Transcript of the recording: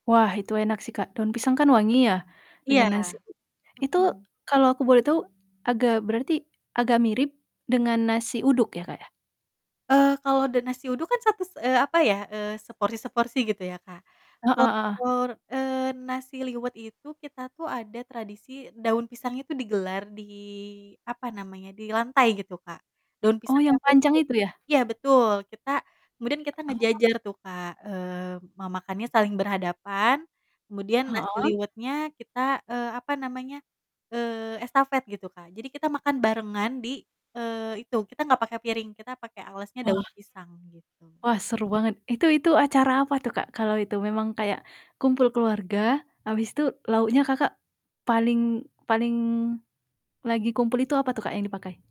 Wah itu enak sih Kak, daun pisang kan wangi ya dengan Iya. nasi. Itu Mhm. kalau aku boleh tahu, agak berarti agak mirip dengan nasi uduk ya Kak, ya? Eee, kalau ada nasi uduk kan satus eee, apa ya, eee, seporsi-seporsi gitu, ya Kak. Heeh [unintelligible] heeh. Eee, nasi liwet itu kita tuh ada tradisi daun pisangnya tuh digelar di, apa namanya, di lantai gitu, Kak. Daun Oh, pisang yang yang panjang utuh itu ya? iya betul, kita kemudian kita Oh. ngejejer tuh Kak, eee, ma makannya saling berhadapan, kemudian nasi Heeh? liwetnya kita, eee, apa namanya, eee, estafet gitu, Kak. Jadi kita makan barengan di, eee, itu, kita gak pakai piring, kita pakai alasnya Wah. daun pisang, gitu. Wah, seru banget, itu itu acara apa tuh, Kak? Kalau itu memang kayak kumpul keluarga, habis tuh lauknya Kakak paling paling lagi kumpul itu apa tuh Kak, yang dipakai?